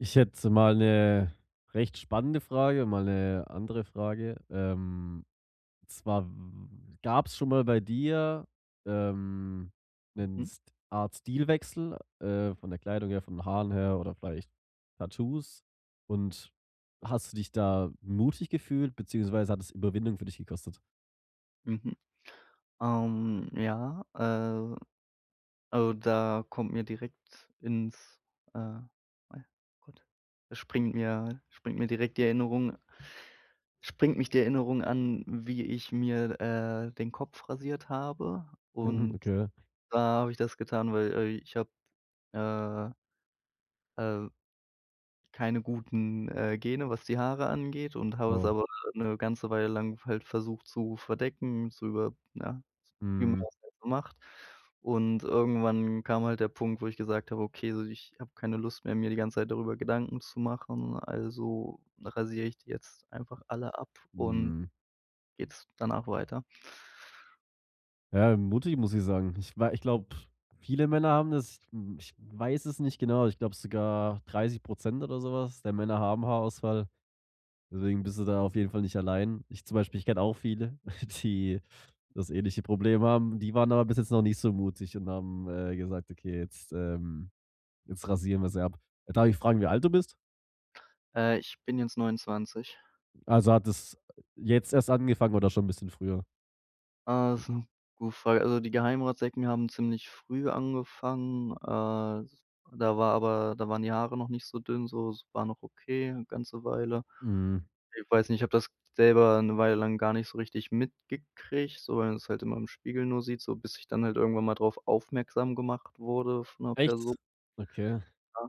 Ich hätte mal 'ne recht spannende Frage, mal 'ne andere Frage. Ähm, und zwar w w w gab's schon mal bei dir, ähm, 'nen Mhm. St Art Stilwechsel, äh, von der Kleidung her, von den Haaren her oder vielleicht Tattoos, und hast du dich da mutig gefühlt, beziehungsweise hat das Überwindung für dich gekostet? Mhm. Ähm, ja. Äh, also, da kommt mir direkt ins äh, ja gut, da springt mir springt mir direkt die Erinnerung springt mich die Erinnerung an, wie ich mir, äh, den Kopf rasiert habe. Mhm. Und Okay. da habe ich das getan, weil, äh, ich habe, äh äh keine guten, äh, Gene, was die Haare angeht, und habe es Oh. aber 'ne ganze Weile lang halt versucht, zu verdecken, zu über ja, wie man Mhm. das halt so macht. Und irgendwann kam halt der Punkt, wo ich gesagt habe: „Okay, so, ich habe keine Lust mehr, mir die ganze Zeit darüber Gedanken zu machen. Also rasiere ich die jetzt einfach alle ab und Mhm. geht's danach weiter.“ Ja, mutig, muss ich sagen. Ich wei ich glaube, viele Männer haben das, hm, ich weiß es nicht genau. Ich glaube sogar 30 % oder sowas der Männer haben Haarausfall. Deswegen bist du da auf jeden Fall nicht allein. Ich zum Beispiel, ich kenne auch viele, die das ähnliche Problem haben. Die waren aber bis jetzt noch nicht so mutig und haben, äh, gesagt: „Okay, jetzt, ähm jetzt rasieren wir sie ab." Darf ich fragen, wie alt du bist? Äh, ich bin jetzt 29. Also, hat es, jetzt erst angefangen oder schon 'n bisschen früher? Ah ist 'n gute Frage. Also, die Geheimratsecken haben ziemlich früh angefangen. Äh, da war, aber da waren die Haare noch nicht so dünn so, es war noch okay, 'ne ganze Weile. Mhm. Ich weiß nicht, ich habe das selber 'ne Weile lang gar nicht so richtig mitgekriegt, so weil man es halt immer im Spiegel nur sieht, so bis ich dann halt irgendwann mal drauf aufmerksam gemacht wurde von 'ner Perso Echt? Okay. ja,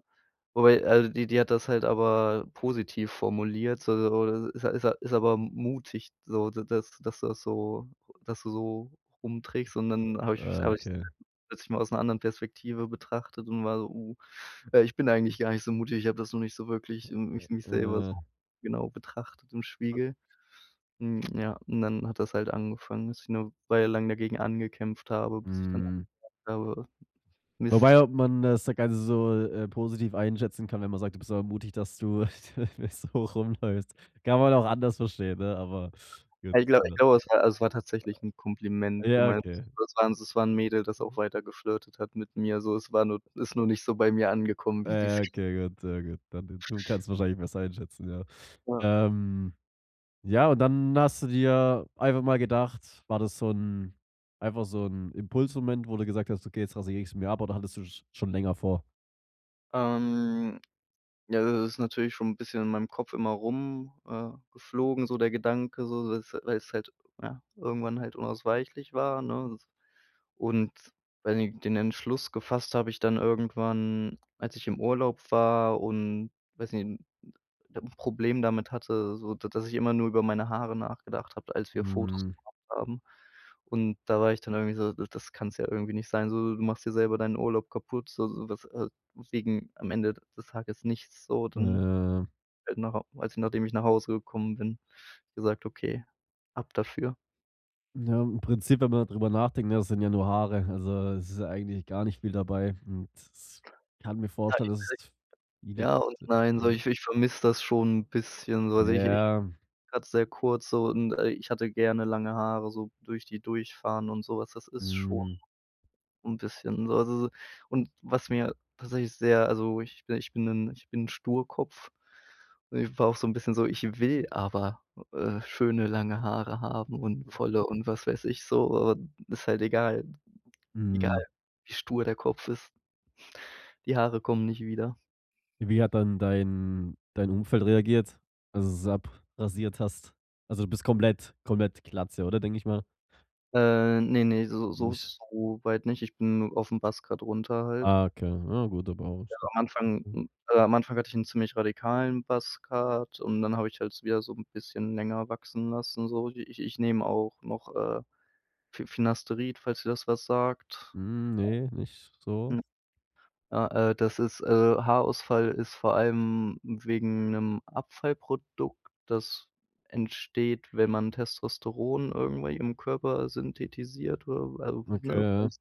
wobei, also, die die hat das halt aber positiv formuliert, so so ist ja ist ja aber m mutig, so da dass dass dass so dass du so rumtrickst und dann habe ich Ah habe ich okay. plötzlich mal aus 'ner anderen Perspektive betrachtet und war so: „Uh, äh, ich bin eigentlich gar nicht so mutig. Ich habe das noch nicht so wirklich m mich mich selber so Äh. genau betrachtet im Spiegel.“ Hm, ja, und dann hat das halt angefangen, dass ich 'ne Weile lang dagegen angekämpft habe, bis ich dann Mhm. [unintelligible] habe Wobei, Mist. ob man das, äh, Ganze so, äh, äh, positiv einschätzen kann, wenn man sagt: „Du bist aber mutig, dass du so rumläufst. Kann man auch anders verstehen, ne, aber, gut, Ah, ich glaub ich ne? glaube es war es war tatsächlich 'n Kompliment Ja, gemeint. okay. Das war das war 'n Mädel, das auch Mhm. weiter geflirtet hat mit mir so es war nur ist nur nicht so bei mir angekommen, Ah, wie sie's ja, okay, gut, sehr gut. Dann d du kannst wahrscheinlich besser einschätzen, ja. Ja. Ähm ja und dann hast du dir einfach mal gedacht, war das so 'n einfach so 'n Impulsmoment, wo du gesagt hast: „Okay, jetzt rasiere ich's mir ab." Oder hattest du's schon länger vor? Ähm, ja, das ist natürlich schon 'n bisschen in meinem Kopf immer rum, äh, geflogen so der Gedanke so s weil es halt ja, irgendwann halt unausweichlich war, ne? S und weiß nicht den Entschluss gefasst habe ich dann irgendwann, als ich im Urlaub war und weiß nicht 'n 'n 'n Problem damit hatte, so d d dass ich immer nur über meine Haare nachgedacht habe, als wir Fotos Hm. gemacht haben. Und da war ich dann irgendwie so: „D das kann's ja irgendwie nicht sein, so, du machst dir selber deinen Urlaub kaputt. S so sowas, äh wegen am Ende des Tages nichts so dann“, Äh. äh genau als ich nachdem ich nach Hause gekommen bin, gesagt: „Okay, ab dafür.“ Ja, im Prinzip, wenn man darüber nachdenkt, ja, das sind ja nur Haare, also es ist ja eigentlich gar nicht viel dabei und s ich kann mir vorstellen, dass es [unintelligible] v liegt, Ja und nein so ähm. ich ich vermisse das schon 'n bisschen so. Also ich ich Ja. grad sehr kurz so und, äh, ich hatte gerne lange Haare, so durch die durchfahren und sowas. Das ist schon Hm. und bisschen. Also so und was mir tatsächlich sehr also wo ich ich bin 'nen ich bin 'n Sturkopf. Und ich war auch so 'n bisschen so: „Ich will aber, äh, schöne lange Haare haben und Mhm. volle und was weiß ich so, äh ist halt egal egal, Mhm. wie stur der Kopf ist." Die Haare kommen nicht wieder. Wie hat dann dein dein Umfeld reagiert? Als du es abrasiert hast. Also, du bist komplett komplett Glatze, oder, denke ich mal? Äh, ne, ne, so so Nicht? soweit nicht. Ich bin aufm Buzz Cut runter halt. Ah okay, ja gut, aber Ja [unintelligible] am Anfang hm. hm, äh, am Anfang hatte ich 'n ziemlich radikalen Buzz Cut. Und dann habe ich halt so wieder so 'n bisschen länger wachsen lassen, so ich ich nehme auch noch, äh, Fi Finasterid, falls dir das was sagt. Hm, ne, nicht so. Hm. Ah, äh, das ist, äh, Haarausfall ist vor allem wegen 'nem Abfallprodukt, das entsteht, wenn man Testosteron irgendwie im Körper synthetisiert [unintelligible] Okay, ja.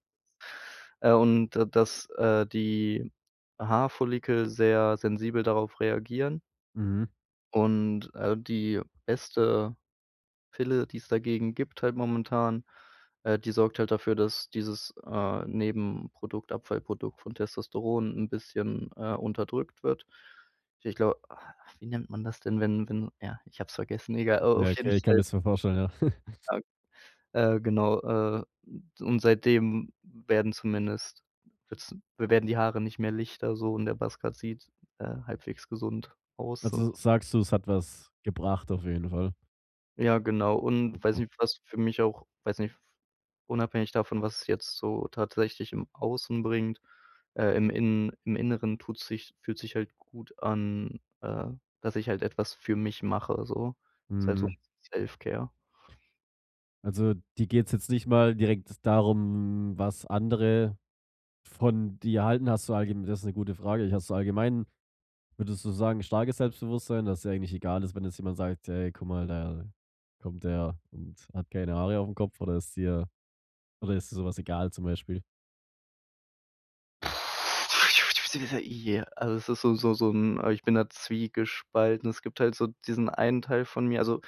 äh, und da dass, äh, die Haarfollikel sehr sensibel darauf reagieren. Mhm. Und, äh, die beste Pille, die es dagegen gibt halt momentan. Äh, die sorgt halt dafür, dass dieses, äh, Nebenprodukt, Abfallprodukt von Testosteron 'n bisschen, äh, unterdrückt wird. Ich glaube ah, wie nennt man das denn, wenn wenn ja, ich habe es vergessen. Egal, äh, Ja, auf jeden okay, ich kann mir Fall das so vorstellen, ja. [unintelligible] Äh, genau, äh, u und seitdem w werden zumindest wird's w werden die Haare nicht mehr lichter so und der Buzz Cut sieht, äh, halbwegs gesund aus und Also, sagst du: „Es hat was gebracht“, auf jeden Fall. Ja, genau. Und weiß Okay. nicht, was für mich auch weiß nicht unabhängig davon, was jetzt so tatsächlich im Außen bringt, äh im Innen im Inneren tut sich fühlt sich halt gut an, äh, dass ich halt etwas für mich mache, so. Ist halt so was Mhm. wie Self-Care. Also, dir geht's jetzt nicht mal direkt darum, was andere von dir halten? Hast du allge das ist 'ne gute Frage. Hast du allgemein würdest du sagen, starkes Selbstbewusstsein, dass dir eigentlich egal ist, wenn jetzt jemand sagt: „Hey, guck mal, da kommt der und hat keine Haare aufm Kopf," oder ist dir oder ist dir sowas egal, zum Beispiel? Also, es ist so so so 'n ah, ich bin da zwiegespalten. Es gibt halt so diesen einen Teil von mir also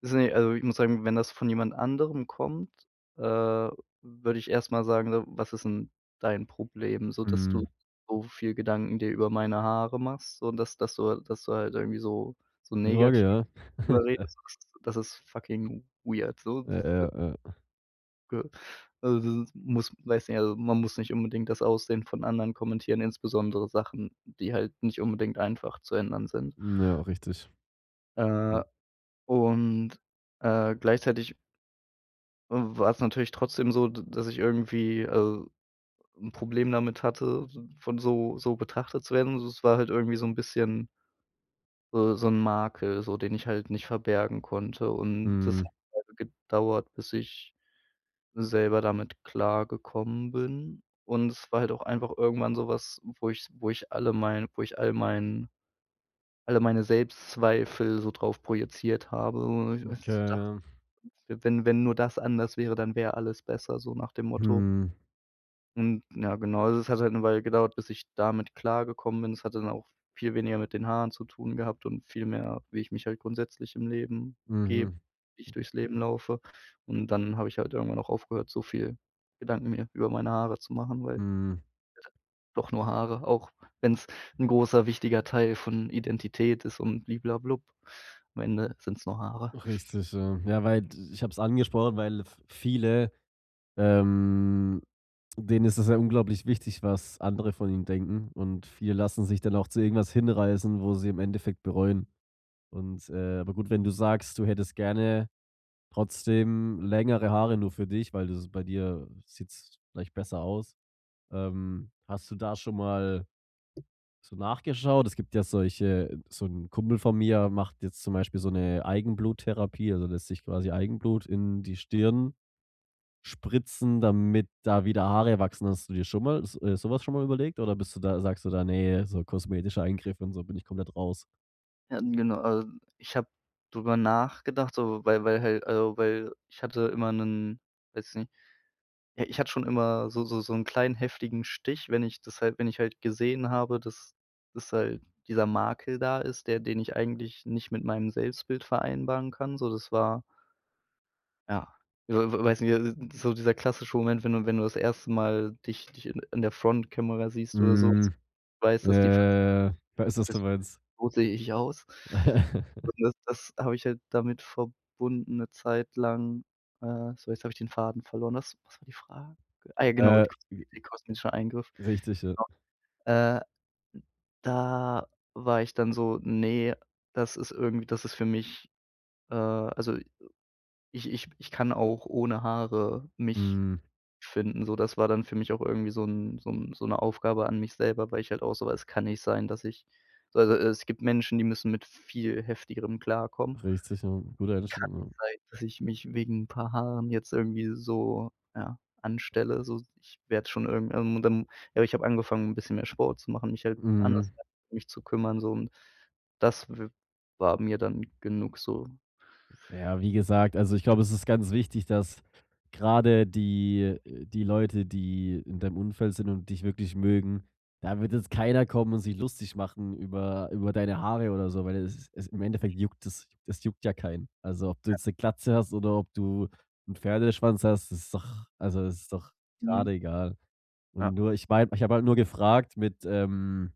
es sind ja also, ich muss sagen, wenn das von jemand anderem kommt, äh, würde ich erst mal sagen: „W was ist 'n dein Problem, so dass du Mhm. so viel Gedanken dir über meine Haare machst, so dass dass du dass du halt irgendwie so, so [unintelligible] negativ Ja. darüber redest?“ Das ist das ist fucking weird so. Ja, ja, ja. G also das ist muss weiß nicht, also, man muss nicht unbedingt das Aussehen von anderen kommentieren, insbesondere Sachen, die halt nicht unbedingt einfach zu ändern sind. Hm, ja, richtig. Äh, [unintelligible] und, äh, gleichzeitig w war es natürlich trotzdem so, d dass ich irgendwie also, 'n Problem damit hatte, s von so so betrachtet zu werden. Also, es war halt irgendwie so 'n bisschen so so 'n Makel, so, den ich halt nicht verbergen konnte. Und das hat Mhm. halt gedauert, bis ich selber damit klargekommen bin. Und es war halt auch einfach irgendwann sowas, wo ich wo ich alle mein wo ich all meinen alle meine Selbstzweifel so drauf projiziert habe Okay, [unintelligible] ja. wenn wenn nur das anders wäre, dann wäre alles besser, so nach dem Motto. Mhm. Und ja, genau. Also, es hat halt 'ne Weile gedauert, bis ich damit klargekommen bin. Das hat dann auch viel weniger mit den Haaren zu tun gehabt und viel mehr, wie ich mich halt grundsätzlich im Leben gebe, Mhm. wie ich durchs Leben laufe. Und dann habe ich halt irgendwann auch aufgehört, so viel Gedanken mir über meine Haare zu machen, weil Mhm. doch nur Haare, auch wenn's 'n großer, wichtiger Teil von Identität ist und bli bla blub. Am Ende sind's nur Haare. Richtig, ja. Ja, weil d ich hab's angesprochen, weil v viele, ähm, denen ist es ja unglaublich wichtig, was andere von ihnen denken. Und viele lassen sich dann auch zu irgendwas hinreißen, wo sie im Endeffekt bereuen. Und, äh aber gut, wenn du sagst, du hättest gerne trotzdem längere Haare nur für dich, weil das bei dir sieht's vielleicht besser aus. Ähm, hast du da schon mal so nachgeschaut? Es gibt ja solche so 'n Kumpel von mir macht jetzt zum Beispiel so 'ne Eigenbluttherapie, also lässt sich quasi Eigenblut in die Stirn spritzen, damit da wieder Haare wachsen. Hast du dir schon mal s äh, sowas schon mal überlegt? Oder bist du da sagst du da, ne, so kosmetischer Eingriff und so bin ich komplett raus? Ja, ähm, genau, äh, ich habe drüberr nachgedacht, so, weil weil halt, äh weil ich hatte immer 'nen weiß nicht ja, ich hatte schon immer so so so 'n kleinen heftigen Stich. Wenn ich das halt wenn ich halt gesehen habe, dass das halt dieser Makel da ist, der den ich eigentlich nicht mit meinem Selbstbild vereinbaren kann, so das war ja, w w weiß nicht, äh, so dieser klassische Moment, wenn du wenn du das erste Mal dich dich i in der Frontkamera siehst oder so und Mm, weißt, dass die F äh, ich weiß was [unintelligible] du meinst. So sehe ich aus. so das das habe ich halt damit verbunden 'ne Zeit lang, äh. So, jetzt habe ich den Faden verloren. Was was war die Frage? Ah ja, genau, Äh, [unintelligible] j kosmetischer Eingriff. richtig, ja. Genau. Äh, da war ich dann so: „Ne, das ist irgendwie das ist für mich, äh, also, äh, ich ich ich kann auch ohne Haare mich Hm. finden“, so das war dann für mich auch irgendwie so 'n so 'n so 'ne Aufgabe an mich selber, weil ich halt auch so war: „Es kann nicht sein, dass ich also, es gibt Menschen, die müssen mit viel Heftigerem klarkommen.“ Richtig, ja. Gute Kann Einstellung, ja. nicht sein, dass ich mich wegen 'n paar Haaren jetzt irgendwie so ja, anstelle so ich werde schon irgend ähm, und dann ja ich habe angefangen 'n bisschen mehr Sport zu machen, mich halt anders Mhm. [unintelligible] um mich zu kümmern so und das w war mir dann genug so. Ja, wie gesagt, also, ich glaube, es ist ganz wichtig, dass grade die äh, die Leute, die in deinem Umfeld sind und dich wirklich mögen, da wird jetzt keiner kommen und sich lustig machen über über deine Haare oder so, weil es es im Endeffekt juckt es es juckt ja keinen. Also, ob du Ja. jetzt 'ne Glatze hast oder ob du 'n Pferdeschwanz hast, das ist doch also, ist doch grade Mhm. egal. Und Ja. nur ich meine ich habe halt nur gefragt mit, ähm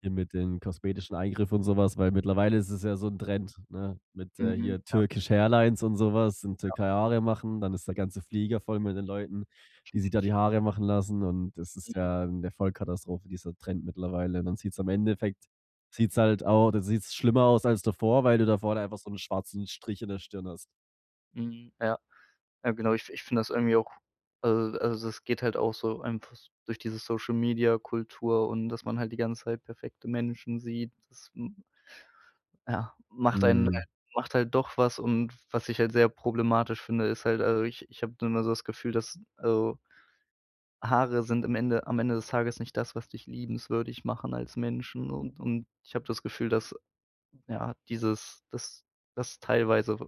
hier mit den kosmetischen Eingriff und sowas, weil mittlerweile ist es ja so 'n Trend, ne? Mit, äh, Mhm. hier Ja. Turkish-Hairlines und sowas in Ja. Türkei Haare machen, dann ist der ganze Flieger voll mit den Leuten, die sich da die Haare machen lassen, und das ist Mhm. ja 'ne Vollkatastrophe, dieser Trend mittlerweile. Und dann sieht's im Endeffekt, sieht's halt auch dann sieht's schlimmer aus als davor, weil du da vorne einfach so 'n schwarzen Strich in der Stirn hast. Mhm. Ja, ja, genau. Ich ich finde das irgendwie auch also also, das geht halt auch so einfach durch diese Social-Media-Kultur und, dass man halt die ganze Zeit perfekte Menschen sieht, das, hm, ja, macht einen halt Mhm. macht halt doch was. Und, was ich halt sehr problematisch finde, ist halt, also, ich ich habe dann da so das Gefühl, dass, also Haare sind im Ende am Ende des Tages nicht das, was dich liebenswürdig machen als Menschen und und ich habe das Gefühl, dass ja, dieses dass dass teilweise w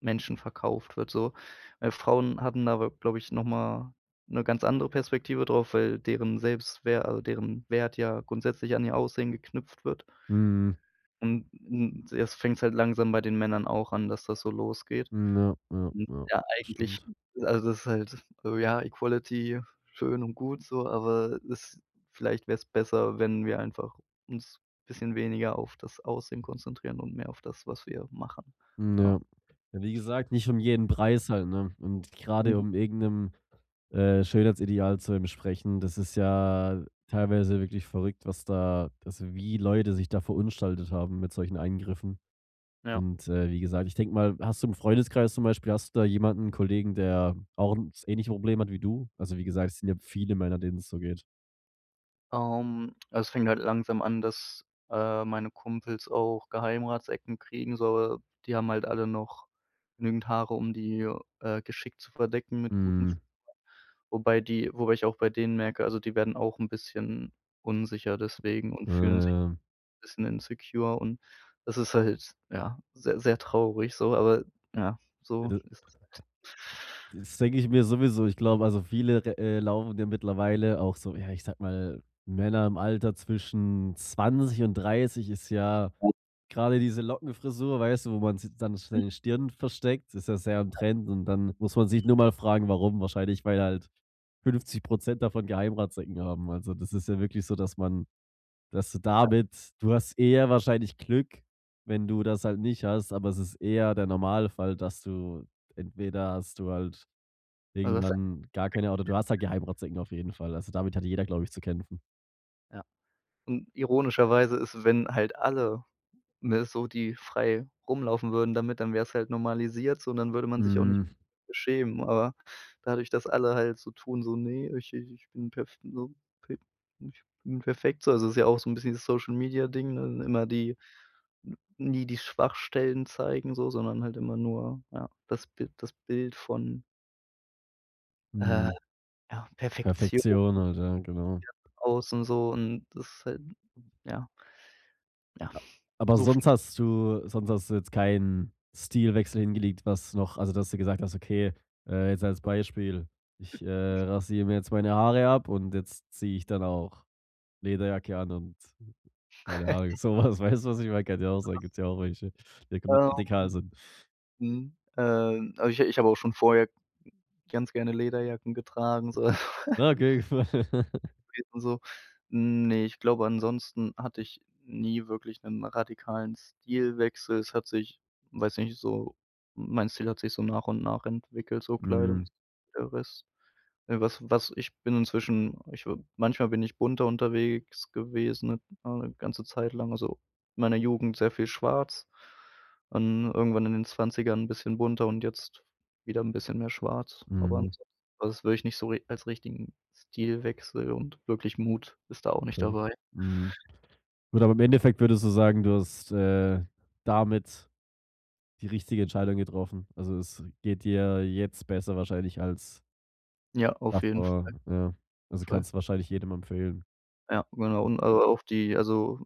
Menschen verkauft wird so, weil, Frauen hatten aber glaube ich noch mal 'ne ganz andere Perspektive drauf, weil deren Selbstwer also, deren Wert ja grundsätzlich an ihr Aussehen geknüpft wird. Mhm. Und und jetzt fängt's halt langsam bei den Männern auch an, dass das so losgeht. Hm, ja, ja, Hm, ja, ja, das eigentlich stimmt. also, das ist halt, ja, Equality schön und gut so, aber es vielleicht wär's besser, wenn wir einfach uns bisschen weniger auf das Aussehen konzentrieren und mehr auf das, was wir machen, Hm, ja. ja. Ja, wie gesagt, nicht um jeden Preis halt, ne? Und, grade Mhm. um irgend 'nem, äh, Schönheitsideal zu entsprechen, das ist ja teilweise wirklich verrückt, was da also, wie Leute sich da verunstaltet haben mit solchen Eingriffen. Ja. Und, äh, wie gesagt, ich denke mal hast du im Freundeskreis zum Beispiel hast du da jemanden? Kollegen, der auch 'n das ähnliche Probleme hat wie du? Also, wie gesagt, es sind ja viele Männer, denen es so geht. Ähm, es fängt halt langsam an, dass, äh, meine Kumpels auch Geheimratsecken kriegen. So die haben halt alle noch genügend Haare, um die, äh, geschickt zu verdecken mit guten. [unintelligible] Mhm. Wobei die wobei ich auch bei denen merke, also, die werden auch 'n bisschen unsicher deswegen und Ja, fühlen sich ja. bisschen insecure und das ist halt, ja, sehr, sehr traurig so, aber ja, Ja, so d ist es halt. Das denke ich mir sowieso. Ich glaube, also, viele re, äh, laufen ja mittlerweile auch so ja, ich sage mal, Männer im Alter zwischen 20 und 30 ist ja Ja. gerade diese Lockenfrisur, weißt du? Wo man z dann [unintelligible] seine Stirn versteckt, ist ja sehr im Ja. Trend. Und dann muss man sich Mhm. nur mal fragen: „Warum?“ Wahrscheinlich, weil halt 50 % davon Geheimratsecken haben. Also, das ist ja wirklich so, dass man dass du Ja. damit du hast eher wahrscheinlich Glück, wenn du das halt nicht hast, aber es ist eher der Normalfall, dass du entweder hast du halt Also irgendwann gar keine, oder du hast halt [unintelligible] Geheimratsecken auf jeden Fall. Also, damit hat jeder, glaube ich, zu kämpfen. Ja, und ironischerweise isses, wenn halt alle, ne, so die frei rumlaufen würden damit, dann wäre es halt normalisiert so, und dann würde man sich auch nicht Hm. beschämen. Aber, dadurch, dass alle halt so tun, so ne, ich äh, ich bin perf so pef ich bin perfekt so also, ist ja auch so 'n bisschen das Social-Media-Ding, ne? Immer die n nie die Schwachstellen zeigen so, sondern halt immer nur, ja, das Bi das Bild von äh, Mhm. ja, Perfektion, ja, Perfektion halt, ja, genau. außen so und das ist halt, ja ja, A aber so v sonst hast du sonst hast du jetzt keinen Stilwechsel hingelegt, was noch Also, dass du gesagt hast, okay, äh, jetzt als Beispiel: „Ich, äh, rasiere mir jetzt meine Haare ab und jetzt ziehe ich dann auch Lederjacke an und meine Haare.” Sowas, weißt du, was ich meine? Kann ja auch [unintelligible] sein, gibt's ja auch welche, die da komplett Ähm, radikal sind. mhm, ähm. Aber ich ich habe auch schon vorher g ganz gerne Lederjacken getragen so Okay. [unintelligible] und so. Ne, ich glaube, ansonsten hatte ich nie wirklich 'nen radikalen Stilwechsel. Es hat sich, weiß nicht, so mein Stil hat sich so nach und nach entwickelt, so Kleidung Mhm. und der Rest. Äh, was was ich bin inzwischen ich w manchmal bin ich bunter unterwegs gewesen, ne, ja, 'n ganze Zeit lang. Also, in meiner Jugend sehr viel Schwarz und irgendwann in den 20ern 'n bisschen bunter und jetzt wieder 'n bisschen mehr Schwarz, aber Mhm. ansonsten, also, das würde ich nicht so ri als richtigen Stilwechsel und wirklich Mut ist da auch nicht Okay. dabei. Mhm. Gut, aber im Endeffekt würdest du sagen, du hast, äh, damit die richtige Entscheidung getroffen. Also, es geht dir jetzt besser wahrscheinlich als Ja, auf jeden Fall. davor, ja. Also, Voll. kannst du wahrscheinlich jedem empfehlen. Ja, genau. Und, äh, auf die also,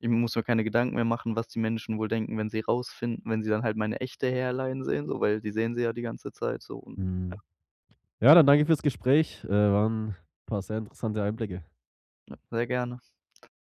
ich muss mir keine Gedanken mehr machen, was die Menschen wohl denken, wenn sie rausfinden wenn sie dann halt meine echte Hairline sehen so, weil die sehen sie ja die ganze Zeit so und ja. Mhm. Ja, dann danke ich fürs Gespräch. Äh, waren paar sehr interessante Einblicke. Ja, sehr gerne.